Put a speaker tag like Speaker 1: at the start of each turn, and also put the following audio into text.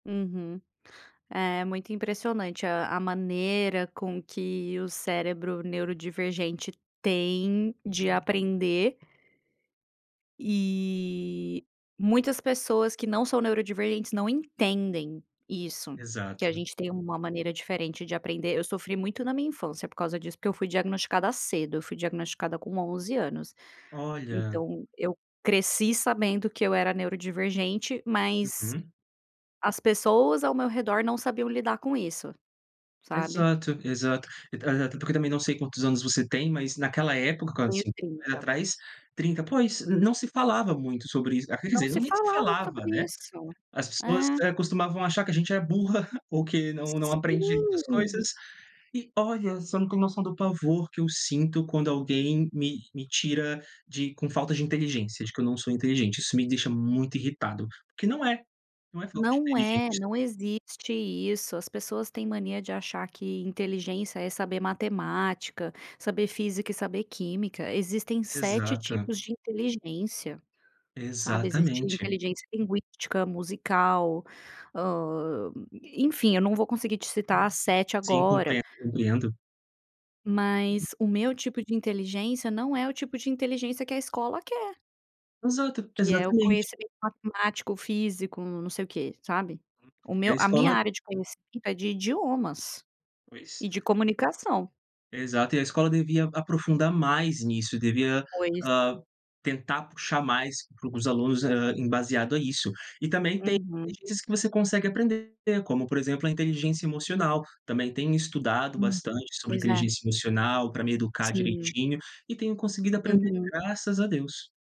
Speaker 1: Uhum. É muito impressionante a a maneira com que o cérebro neurodivergente tem de aprender e muitas pessoas que não são neurodivergentes não entendem isso, que a
Speaker 2: Exato.
Speaker 1: gente tem uma maneira diferente de aprender, eu sofri muito na minha infância por causa disso, porque eu fui diagnosticada cedo, fui diagnosticada com 11 anos,
Speaker 2: Olha.
Speaker 1: então eu cresci sabendo que eu era neurodivergente, mas
Speaker 2: Uhum.
Speaker 1: as pessoas ao meu redor não sabiam lidar com isso, sabe?
Speaker 2: Exato, exato. E a até porque eu também não sei quantos anos você tem mas naquela época,
Speaker 1: Tenho
Speaker 2: [unintelligible]
Speaker 1: 30.
Speaker 2: atrás, 30, pois, não se falava muito sobre isso, quer
Speaker 1: Não
Speaker 2: dizer, não
Speaker 1: se
Speaker 2: nem se
Speaker 1: falava
Speaker 2: falava,
Speaker 1: sobre
Speaker 2: né.
Speaker 1: isso.
Speaker 2: As pessoas,
Speaker 1: É.
Speaker 2: eh, costumavam achar que a gente é burra, ou que não não aprende muitas
Speaker 1: Sim.
Speaker 2: coisas, e olha, você não tem noção do pavor que eu sinto quando alguém me me tira de com falta de inteligência, de que eu não sou inteligente, isso me deixa muito irritado, porque não é, não é falta de
Speaker 1: Não é,
Speaker 2: inteligência.
Speaker 1: não existe isso, as pessoas têm mania de achar que inteligência é saber matemática, saber física e saber química, existem 7
Speaker 2: Exato.
Speaker 1: tipos de inteligência, sabe? Existe
Speaker 2: Exatamente.
Speaker 1: inteligência linguística, musical, hã, enfim eu não vou conseguir te citar 7
Speaker 2: Sim,
Speaker 1: agora.
Speaker 2: compree compreendo.
Speaker 1: Mas o meu tipo de inteligência não é o tipo de inteligência que a escola quer
Speaker 2: Exato,
Speaker 1: que é o
Speaker 2: exatamente.
Speaker 1: conhecimento matemático, físico não sei o quê, sabe? O
Speaker 2: E a
Speaker 1: meu a minha
Speaker 2: escola
Speaker 1: área de conhecimento é de idiomas
Speaker 2: Pois.
Speaker 1: e de comunicação.
Speaker 2: Exato, e a escola devia aprofundar mais nisso, devia,
Speaker 1: Pois.
Speaker 2: ah, tentar puxar mais para os alunos, ah, embasado a isso. E também inteligencias
Speaker 1: Uhum.
Speaker 2: tem que você consegue aprender, como por exemplo a inteligência emocional, também tenho estudado
Speaker 1: Hum.
Speaker 2: bastante sobre
Speaker 1: Pois é.
Speaker 2: inteligência emocional para me educar
Speaker 1: Sim.
Speaker 2: direitinho, e tenho conseguido aprender
Speaker 1: Uhum.
Speaker 2: graças a Deus.